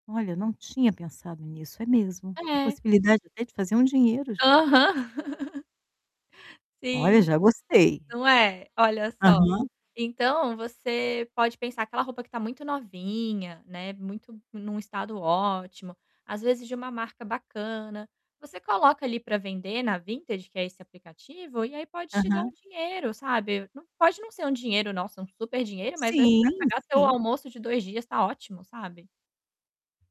Olha, não tinha pensado nisso. É mesmo, com É. possibilidade até de fazer um dinheiro, gente. Aham. Olha, Sim, já gostei. não é? Olha só. Aham. Então, você pode pensar, aquela roupa que tá muito novinha, né, muito num estado ótimo, às vezes de uma marca bacana, você coloca ali pra vender na Vintage, que é esse aplicativo, e aí pode te dar um Aham. dinheiro, sabe, nã pode não ser um dinheiro "Nossa, um superdinheiro", mas aí você vai Sim, pagar teu sim. almoço de 2 dias, tá ótimo, sabe?